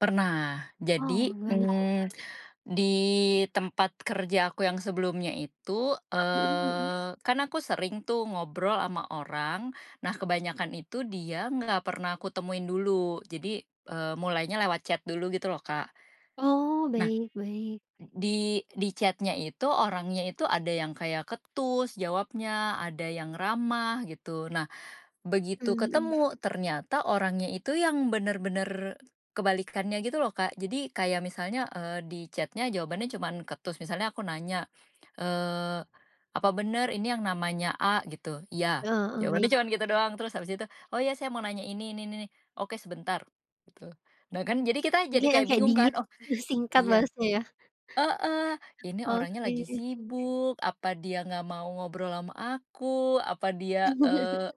Pernah, Oh, jadi, gimana tuh? mmm, di tempat kerja aku yang sebelumnya itu, Mhm mhm. eee, kan aku sering tuh, ngobrol ama orang. Nah, kebanyakan itu, dia nggak pernah aku temuin dulu, jadi, eee, mulainya lewat chat dulu, gitu loh, Kak. Oh, Nah, baik baik. di di chat-nya itu orangnya itu ada yang kayak ketus jawabnya, ada yang ramah gitu. Nah, begitu Mmm, mhm. ketemu, ternyata orangnya itu yang bener-bener, kebalikannya gitu loh, Kak. Jadi, kayak misalnya, eee, di chat-nya jawabannya cuman ketus, misalnya aku nanya, eee, "Apa bener ini yang namanya A?" Gitu, "Iya." Eh, heeh, Jawabannya baik. cuman gitu doang, terus habis itu, "Oh, iya, saya mau nanya ini-ini, n-ni-ni." "Oke, sebentar." Gitu. Nah, kan jadi kita jadi Dia yang kayak kek bingung kan, dingin, oh, terus singkat iya balesnya, ya. heeh, ini orangnya lagi Oke. sibuk, apa dia nggak mau ngobrol ama aku, apa dia, eee,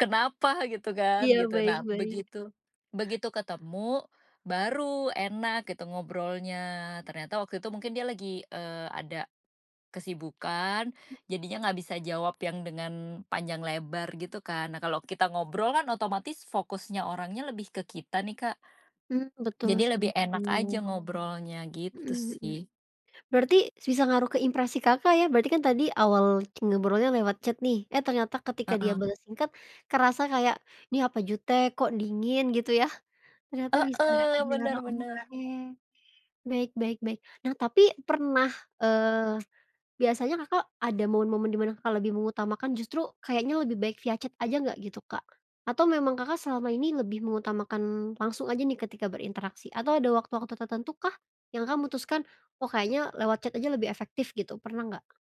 kenapa gitu kan, Iya, gitu. baik Nah, baik. begitu begitu ketemu, baru enak gitu ngobrolnya. Ternyata waktu itu mungkin dia lagi, eee, ada kesibukan, jadinya nggak bisa jawab yang dengan, panjang lebar, gitu kan. Nah, kalau kita ngobrol kan, otomatis fokusnya orangnya lebih ke kita nih, Kak Mmm, betul jadi sih lebih itu. enak aja ngobrolnya, gitu Mhm mhm. sih. Berarti, s bisa ngaruh ke impresi Kakak, ya. Berarti kan tadi, awal c ngobrolnya lewat chat nih, eh, ternyata ketika dia Heeh. bales singkat, kerasa kayak, "Nih apa jutek? Kok dingin?" Gitu, yah. Ternyata bisa Heeh, dibilang, bener bener. oke, baik baik baik. Nah, tapi pernah, eee, biasanya Kakak ada momen-momen di mana Kakak lebih mengutamakan justru, kayaknya lebih baik via chat aja nggak, gitu, Kak, atau memang Kakak selama ini lebih mengutamakan, langsung aja nih ketika berinteraksi, atau ada waktu-waktu tertentukah, yang Kakak mutuskan, "Oh, kayaknya lewat chat aja lebih efektif." Gitu, pernah nggak?